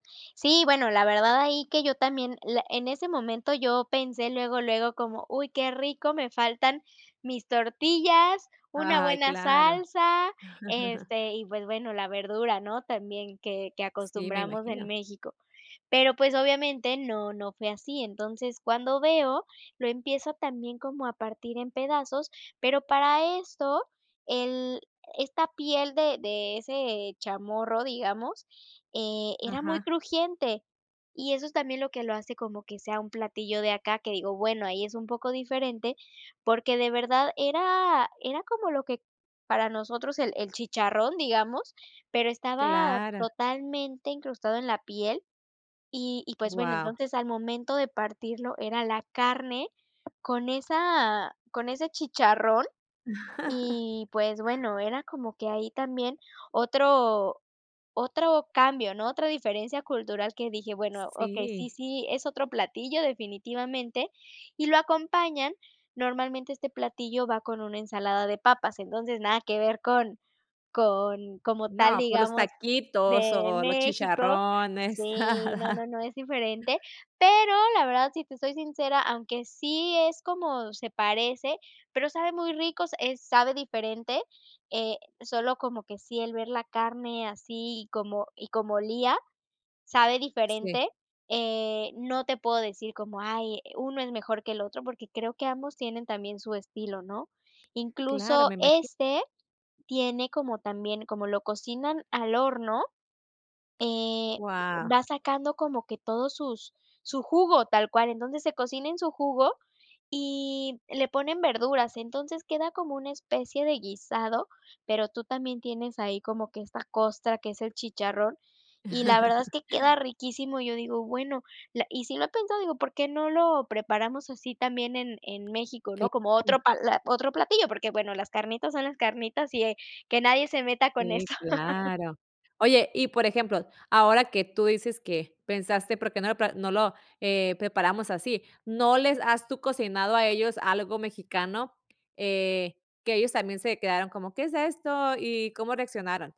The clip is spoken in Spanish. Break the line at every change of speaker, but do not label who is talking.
Sí, bueno, la verdad ahí que yo también, le en ese momento, yo pensé luego, luego como: "Uy qué rico, me faltan mis tortillas, una
Ay,
buena
claro.
salsa, este, y pues bueno, la verdura", ¿no? También, que que
Sí, me
acostumbramos en
imagino.
México. Pero, pues, obviamente no no fue así. Entonces, cuando veo, lo empiezo también como a partir en pedazos, pero para esto el esta piel de de ese chamorro, digamos, eh, era muy
Ajá.
crujiente, y eso es también lo que lo hace como que sea un platillo de acá, que digo, bueno, ahí es un poco diferente, porque de verdad era era como lo que para nosotros el el chicharrón, digamos, pero estaba
Claro.
totalmente incrustado en la piel y y, pues bueno,
Guau.
entonces al momento de partirlo era la carne con esa con ese chicharrón y, pues bueno, era como que ahí también otro otro cambio, ¿no? Otra diferencia cultural que dije: "Bueno, okey, sí
Sí.
sí, es otro platillo, definitivamente", y lo acompañan, normalmente este platillo va con una ensalada de papas, entonces, nada que ver con con como tal,
No, por los
digamos,
taquitos
de
o los
México
chicharrones,
Sí, no,
nada.
no, no, es diferente, pero, la verdad, si te soy sincera, aunque sí es, como se parece, pero sabe muy rico, s eh, sabe diferente, eh, solo como que sí el ver la carne así, como y como olía. Sabe
Sí.
diferente, eh, no te puedo decir como, ay, uno es mejor que el otro, porque creo que ambos tienen también su estilo, ¿no?
Claro,
Incluso
me imagi
este tiene como también como lo cocinan al horno, eh,
Guau.
va sacando como que todos sus su jugo, tal cual, entonces se cocina en su jugo, y le ponen verduras, entonces queda como una especie de guisado, pero tú también tienes ahí como que esta costra que es el chicharrón, y la verdad es que queda riquísimo. Yo digo: "bueno", la y si lo he pensado, digo, ¿por qué no lo preparamos así también en en México, no? Como otro
Claro.
pla otro platillo, porque, bueno, las carnitas son las carnitas y, eh, que nadie se meta con
Sí,
eso.
claro. Oye, y por ejemplo, ahora que tú dices que pensaste: "¿Por qué no lo pla no lo, eh, preparamos así?" ¿No les has, tú cocinado a ellos algo mexicano? Eh, que ellos también se quedaron como: "¿Qué es esto?" y, ¿cómo reaccionaron?